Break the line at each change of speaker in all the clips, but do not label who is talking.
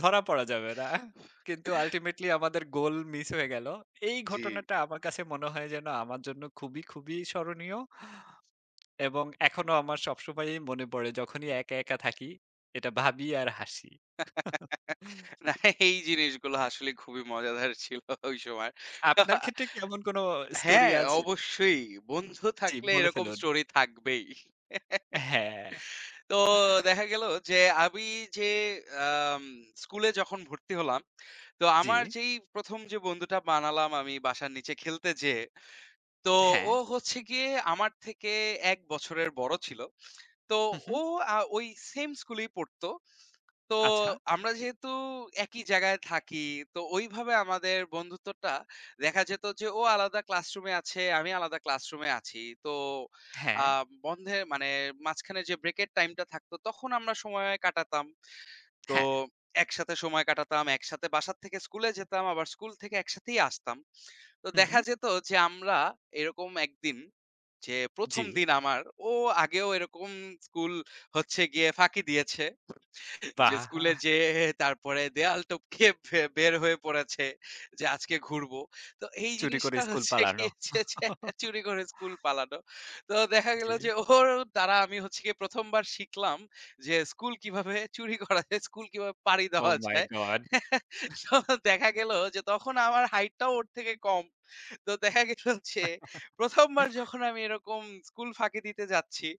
ধরা পড়া যাবে না। কিন্তু আল্টিমেটলি আমাদের গোল মিস হয়ে গেল। এই
জি।
ঘটনাটা আমার কাছে মনে হয় যেন, আমার জন্য খুবই, খুবই স্মরণীয় এবং এখনো আমার সবসময়ই মনে পড়ে যখনই একা, একা থাকি। এটা ভাবি আর হাসি।
না, এই জিনিসগুলো আসলে খুবই মজাদার ছিল ওই সময়। তো
আপনার ক্ষেত্রে কি এমন কোন অ স্টোরি
হ্যাঁ,
আছে?
অবশ্যই। বন্ধু
জি।
থাকলে
বলে
এরকম
ফেলুন।
স্টোরি থাকবেই।
হ্যাঁ।
তো দেখা গেলো যে আমি যে আম স্কুলে যখন ভর্তি হলাম, তো আমার
জি।
যেই ১ম যে বন্ধুটা বানালাম আমি বাসার নিচে খেলতে যেয়ে, তো ও
হ্যাঁ।
হচ্ছে গিয়ে আমার থেকে ১ বছরের বড় ছিল। তো
হু,
ও
হু।
আ ওই সেম স্কুলেই পড়তো। তো
আচ্ছা।
আমরা যেহেতু একই জায়গায় থাকি, তো ওইভাবে আমাদের বন্ধুত্বটা দেখা যেত যে ও আলাদা ক্লাসরুমে আছে, আমি আলাদা ক্লাসরুমে আছি। তো আ
হ্যাঁ।
বন্ধের মানে মাঝখানে যে ব্রেকের টাইমটা থাকতো, তখন আমরা সময় কাটাতাম। তো
হ্যাঁ।
একসাথে সময় কাটাতাম, একসাথে বাসার থেকে স্কুলে যেতাম। আবার স্কুল থেকে একসাথেই আসতাম। তো
হু,
দেখা
হু।
যেত যে আমরা এরকম একদিন যে ১ম
জি।
দিন আমার, ও আগেও এরকম স্কুল হচ্ছে গিয়ে ফাঁকি দিয়েছে। যে স্কুলে
বাহ!
যেয়ে তারপরে দেওয়াল টপকে বে বের হয়ে পড়েছে যে, "আজকে ঘুরবো।" তো এই
চুরি করে
জিনিসটা
স্কুল
হচ্ছে
পালানো।
গিয়ে হচ্ছে যে চুরি করে স্কুল পালানো। তো দেখা গেল যে
জি।
ওর দ্বারা আমি হচ্ছে গিয়ে ১ম বার শিখলাম যে, স্কুল কিভাবে চুরি করা যায়? স্কুল কিভাবে পাড়ি
ওহ
দেওয়া
মাই
যায়?
গড!
তো দেখা গেল যে তখন আমার হাইটটাও ওর থেকে কম। তো দেখা গেল যে ১ম বার যখন আমি এরকম স্কুল ফাঁকি দিতে যাচ্ছি।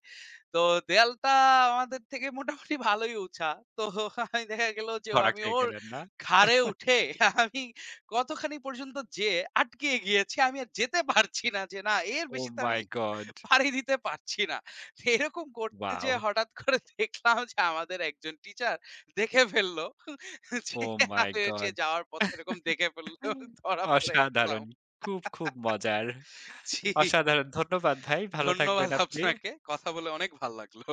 তো দেয়ালটা আমাদের থেকে মোটামুটি ভালোই উচা। তো আমি দেখা গেল যে ও
ধরা
আমি
খেয়ে
ওর
গেলেন, না?
ঘাড়ে উঠে আমি কতখানি পর্যন্ত যেয়ে আটকিয়ে গিয়েছি, আমি আর যেতে পারছি না। যে না, এর
ওহ
বেশি তো
মাই
আমি
গড!
পাড়ি দিতে পারছি না। এরকম করতে যেয়ে
ওয়াও!
হঠাৎ করে দেখলাম যে আমাদের একজন টিচার দেখে ফেলল। যে
ওহ
আ
মাই
হচ্ছে
গড!
যাওয়ার পথে এরকম দেখে ফেলল। ধরা পড়ে গেলাম।
অসাধারণ! খুব, খুব মজার!
জি।
অসাধারণ! ধন্যবাদ ভাই। ভালো
ধন্যবাদ
থাকবেন আপনি।
আপনাকে। কথা বলে অনেক ভাল্লাগলো।